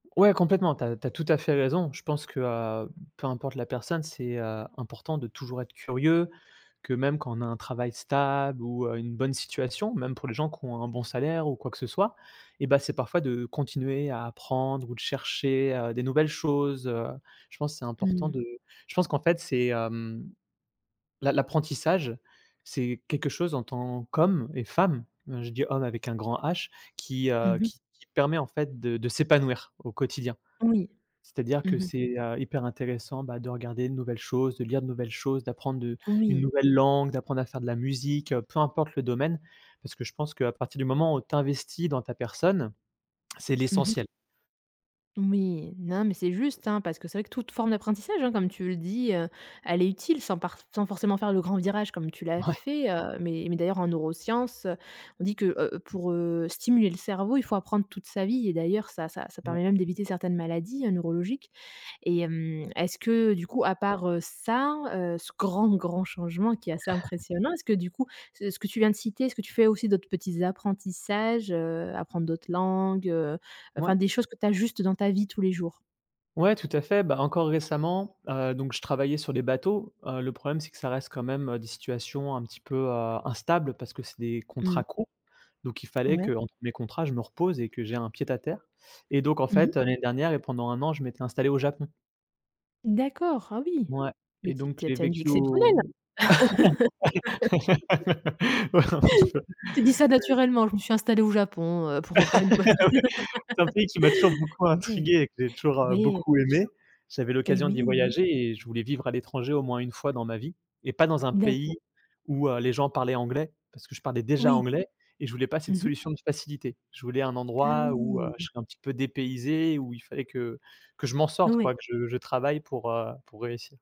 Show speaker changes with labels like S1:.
S1: Ouais, complètement tu as tu as tout à fait raison. Je pense que, heu, peu importe la personne, c'est, heu, important de toujours être curieux, que même quand on a un travail stable ou, heu, une bonne situation même pour les gens qui ont un bon salaire ou quoi que ce soit et bah, c'est parfois de continuer à apprendre ou de chercher, heu, des nouvelles choses, heu. Je pense c'est
S2: Mmh
S1: important
S2: mh.
S1: de je pense qu'en fait c'est hem, l'a l'apprentissage, c'est quelque chose en tant qu'homme et femme, heu, je dis homme avec un grand H, qui,
S2: Mmh
S1: heu,
S2: mh.
S1: qui qui permet en fait de de s'épanouir au quotidien.
S2: Oui.
S1: C'est à dire
S2: Mmh
S1: que
S2: mh.
S1: c'est, heu, hyper intéressant bah, de regarder de nouvelles choses, de lire de nouvelles choses, d'apprendre, heu, une
S2: Oui.
S1: nouvelle langue, d'apprendre à faire de la musique, heu, peu importe le domaine. Parce que je pense qu'à partir du moment où tu investis dans ta personne, c'est
S2: Mmh mh.
S1: l'essentiel.
S2: Oui, non, mais c'est juste, hein, parce que c'est vrai que toute forme d'apprentissage hein, comme tu le dis, heu, elle est utile sans parf sans forcément faire le grand virage comme tu l'as
S1: Ouais.
S2: fait, heu. Mais mais d'ailleurs en neuroscience, heu, on dit que, heu, pour, heu, stimuler le cerveau, il faut apprendre toute sa vie et d'ailleurs ça-ça ça
S1: Ouais.
S2: permet même d'éviter certaines maladies hein, neurologiques. Et hem, est-ce que du coup à part, heu, ça, heu, ce grand, grand changement qui est assez impressionnant, est-ce que du coup ce ce que tu viens de citer, est-ce tu fais aussi d'autres petits apprentissages, heu, apprendre d'autres langues, heu,
S1: Ouais.
S2: enfin des choses que tu ajustes dans ta vie tous les jours?
S1: Ouais tout à fait, bah, encore récemment, heu, donc je travaillais sur les bateaux, heu, le problème c'est que ça reste quand même, heu, des situations un petit peu, heu, instables parce que c'est des
S2: Mmh.
S1: contrats courts. Donc il fallait
S2: Ouais.
S1: qu'entre mes contrats, je me repose et que j'ai un pied à terre. Et donc en
S2: Mmh mh.
S1: fait, heu, l'année dernière et pendant 1 an, je m'étais installé au Japon.
S2: D'accord, ah oui.
S1: Ouais
S2: Mais
S1: et
S2: tu es
S1: donc
S2: tu as
S1: j'ai
S2: tu as une vie
S1: vécu
S2: exceptionnelle!
S1: au Ouais, en effet, ouais.
S2: Tu dis ça naturellement: «Je me suis installé au Japon, heu, pour, heu, faire une pause».
S1: Ouais. C'est un pays qui m'a toujours beaucoup
S2: Ouais.
S1: intrigué et que j'ai toujours, heu,
S2: Ouais, bien
S1: beaucoup
S2: sûr.
S1: aimé. J'avais
S2: Et
S1: l'occasion
S2: oui,
S1: d'y
S2: oui, oui.
S1: voyager et je voulais vivre à l'étranger au moins 1 fois dans ma vie, et pas dans un
S2: D'accord.
S1: pays où, heu, les gens parlaient anglais, parce que je parlais déjà
S2: Oui.
S1: anglais et je voulais pas cette
S2: Mmh mh.
S1: solution de facilité. Je voulais un
S2: Ah
S1: endroit où, heu,
S2: oui!
S1: je serais un petit peu dépaysé et où il fallait que que je m'en sorte
S2: Ouais.
S1: quoi, que je que je travaille pour, heu, pour réussir.